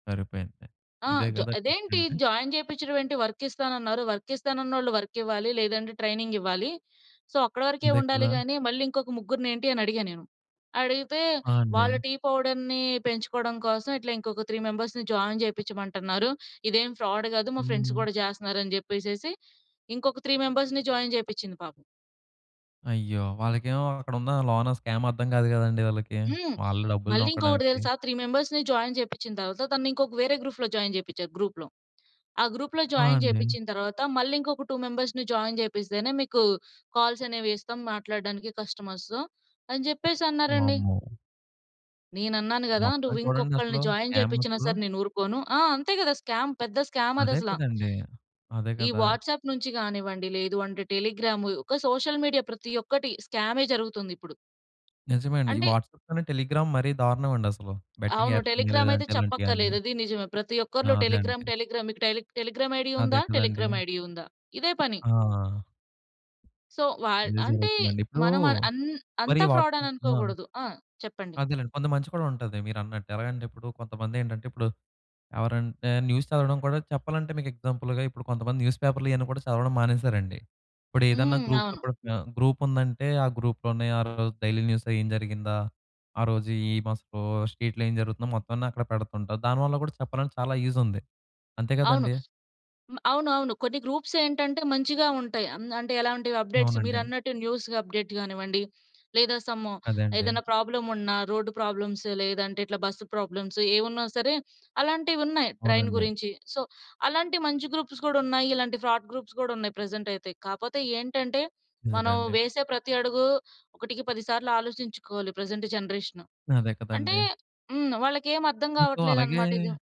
సరిపోయింది. ఆ! ఇదే జా కదా ట్విస్ట్ "అదేంటి అంటే! జాయిన్ చేపించడం ఏంటి? వర్క్ ఇస్తానన్నారు. వర్క్ ఇస్తానన్నోళ్ళు వర్క్ ఇవ్వాలి. లేదంటే ట్రైనింగ్ ఇవ్వాలి. సో, అక్కడ వరకే అంతే ఉండాలి కదా! గాని, మళ్ళీ ఇంకొక ముగ్గురినేంటి?" అని అడిగాను నేను. అడిగితే ఆ! వాళ్ళ అండి. టీ పౌడర్‌ని పెంచుకోవడం కోసం ఇట్లా ఇంకొక త్రీ మెంబర్స్‌ని జాయిన్ చేపించమంటున్నారు. ఇదేం ఫ్రాడ్ కాదు. మా ఫ్రెండ్స్ హ్మ్. కూడా చేస్తున్నారని" చెప్పేసేసి ఇంకొక త్రీ మెంబర్స్‌ని జాయిన్ చేపించింది పాపం. అయ్యో! వాళ్ళకేమో అక్కడున్న లోన స్కామ్ అర్థం కాదు కదండీ! వాళ్ళకి, హ్మ్. వాళ్ళు డబ్బులు మళ్ళీ ఇంకొకటి నొక్కడానికి. తెలుసా! త్రీ మెంబర్స్‌ని జాయిన్ చేపించిన తరువాత తనని ఇంకొక వేరే గ్రూప్‌లో జాయిన్ చేపించారు. గ్రూప్‌లో ఆ గ్రూప్‌లో ఆ! జాయిన్ అండి. చేపించిన తరువాత మళ్ళీ, "ఇంకొక టూ మెంబర్స్‌ని జాయిన్ చేపిస్తేనే మీకు కాల్స్ అనేవిస్తాం మాట్లాడడానికి కస్టమర్స్‌తో" అని చెప్పేసి అన్నారండి. వామ్మో! నేనన్నాను కదా! మొత్తం "నువ్వు చూడండి ఇంకొకళ్ని అసలు. జాయిన్ స్కామ్ చేపించినా అసలు. సరే! నేను ఊరుకోను" ఆ! అంతే కదా! స్కామ్ పెద్ద స్కామ్ అదే అదసల. కదండీ! అదే ఈ కదా! వాట్సాప్ నుంచి కానివ్వండి, లేదు అంటే టెలిగ్రామ్ ఒక సోషల్ మీడియా ప్రతి ఒక్కటి స్కామే జరుగుతుందిప్పుడు. నిజమే అండి. ఈ అంటే వాట్సాప్‌‌కన్నా టెలిగ్రామ్ మరీ దారుణం అండసలు. బెట్టింగ్ అవును. యాప్స్ అని టెలిగ్రామయితే లేదంటే ఇలాంటివన్నీ. చెప్పక్కర్లేదు. అది నిజమే ప్రతి ఆ! ఒక్కరిలో అదే టెలిగ్రామ్ అండి. టెలిగ్రామ్ మీకు టెలీ టెలిగ్రామ్ ఐడీ అదే ఉందా? కదండీ! టెలిగ్రామ్ ఐడీ ఉందా? ఇదే పని. ఆ! సో, వల్ ఇదే అంటే జరుగుతుందండి. ఇప్పుడు మన మన అం అంత మరి ఫ్రాడ్ అని వాట్సాప్‌‌ ఆ! అనుకోకూడదు. ఆ! చెప్పండి? అదేలెండి. కొంత మంచి కూడా ఉంటది మీరన్నట్టు. ఎలాగంటే ఇప్పుడు కొంతమందేంటంటే, ఇప్పుడు ఎవరంటే న్యూస్ చదవడం కూడా చెప్పాలంటే మీకు ఎగ్జాంపుల్‌గా ఇప్పుడు కొంతమంది న్యూస్ పేపర్‌లు ఇవన్నీ కూడా చదవడం మానేశారండి. ఇప్పుడేదన్నా హ్మ్. గ్రూప్‌తో అవును. కూడ ఆహ్, గ్రూప్ ఉందంటే ఆ గ్రూప్‌లోనే ఆ రోజు డైలీ న్యూస్ ఏం జరిగిందా? ఆ రోజు ఏమసలు స్ట్రీట్‌లో ఏం జరుగుతుందో మొత్తం అన్నీ అక్కడ పెడుతుంటారు. దానివల్ల కూడా చెప్పాలంటే చాలా యూజ్ ఉంది. అంతే అవును. కదండీ! మ అవునవును. కొన్ని గ్రూప్స్ ఏంటంటే మంచిగా ఉంటాయి. అం అంటే ఎలాంటివి అప్‌డేట్స్ అవునండి. మీరన్నట్టు న్యూస్ అప్‌డేట్స్ కానివ్వండి, లేదా సమ్ అదే అండి. ఏదన్నా ప్రాబ్లమ్ ఉన్నా రోడ్డు ప్రాబ్లమ్స్, లేదంటే ఇట్లా బస్ ప్రాబ్లమ్స్ ఏమున్నా సరే, అలాంటివున్నాయి ట్రైన్ అవునండీ. గురించి. సో, అలాంటి మంచి గ్రూప్స్ కూడా ఉన్నాయి. ఇలాంటి ఫ్రాడ్ గ్రూప్స్ కూడా ఉన్నాయి ప్రజెంట్ అయితే. కాకపోతే ఏంటంటే నిజమే మనం అండి. వేసే ప్రతి అడుగు ఒకటికి పది సార్లు ఆలోచించుకోవాలి ప్రజెంట్ జనరేషన్. అదే అంటే కదండీ! హ్మ్. వాళ్ళకేమి అర్థం మీకు అలాగే కావట్లేదన్నమాట ఇది.